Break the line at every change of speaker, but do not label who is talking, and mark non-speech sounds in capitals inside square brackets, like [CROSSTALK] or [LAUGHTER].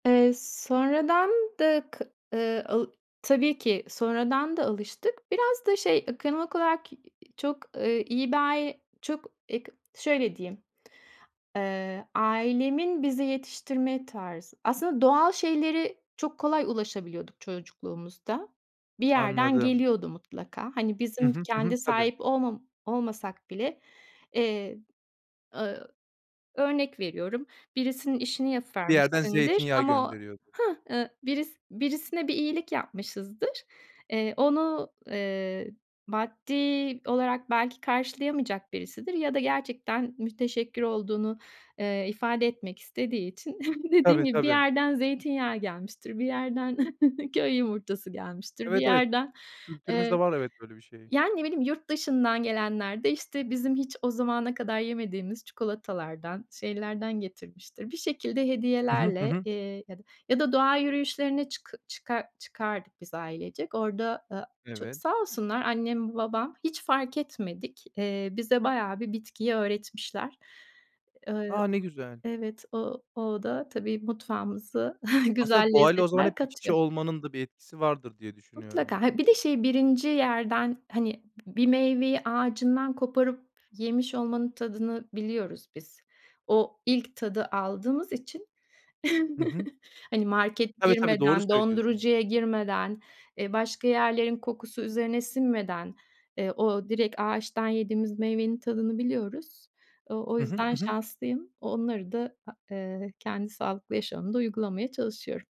Eee, sonradan da k ııı, aaa, tabii ki sonradan da alıştık. Biraz da şey, ekonomik olarak ki çok, ııı, iyi bir ay çok, eee, k şöyle diyeyim. Eee, ailemin bize yetiştirme tarzı. Aslında doğal şeylere çok kolay ulaşabiliyorduk çocukluğumuzda. Bir yerden
Anladım.
geliyordu mutlaka. Hani
Hı
bizim d
hı. Hı hı.
kendi
Tabii.
sahip olmam olmasak bile, eee, ııı, örnek veriyorum. Birisinin işini
Bir yerden
yapıvermişsindir
zeytinyağı
ama o
gönderiyordu.
hah, ııı, biris birisine bir iyilik yapmışızdır. Eee, onu, eee, maddi olarak belki karşılayamayacak birisidir ya da gerçekten müteşekkir olduğunu, eee, ifade etmek istediği için [CHUCKLES] dediğim
Tabii
gibi bir
tabii.
yerden zeytinyağı gelmiştir, bir yerden [CHUCKLES] köy yumurtası gelmiştir, bir
Evet, evet.
yerden, eee,
Kültürümüzde var, evet, böyle bir şey.
yani ne bileyim yurt dışından gelenler de işte bizim hiç o zamana kadar yemediğimiz çikolatalardan şeylerden getirmiştir. Bir şekilde
Hı hı. Hı
hediyelerle,
hı.
eee, ya da, ya da doğa yürüyüşlerine çıkı çıkar çıkardık biz ailecek. Orada, ııı, ço
Evet.
sağ olsunlar, annem babam hiç fark etmedik. Eee, bize bayağı bir bitkiyi öğretmişler. Iıı,
A! Ne güzel.
evet, o o da tabii mutfağımızı [CHUCKLES] güzel
Aslında doğayla o zaman hep
lezzetler
iç içe
katıyor.
olmanın da bir etkisi vardır diye düşünüyorum.
Mutlaka. Ha, bir de şey 1. yerden, hani, b bir meyveyi ağacından koparıp yemiş olmanın tadını biliyoruz biz. O ilk tadı aldığımız için,
Hı hı.
[CHUCKLES] hani, market
Tabii tabii, doğru
girmeden,
söylüyorsun.
dondurucuya girmeden, eee, başka yerlerin kokusu üzerine sinmeden, eee, o direkt ağaçtan yediğimiz meyvenin tadını biliyoruz. O o
Hı hı.
yüzden
Hı hı.
şanslıyım. Onları da, ha eee, kendi sağlıklı yaşamımda uygulamaya çalışıyorum.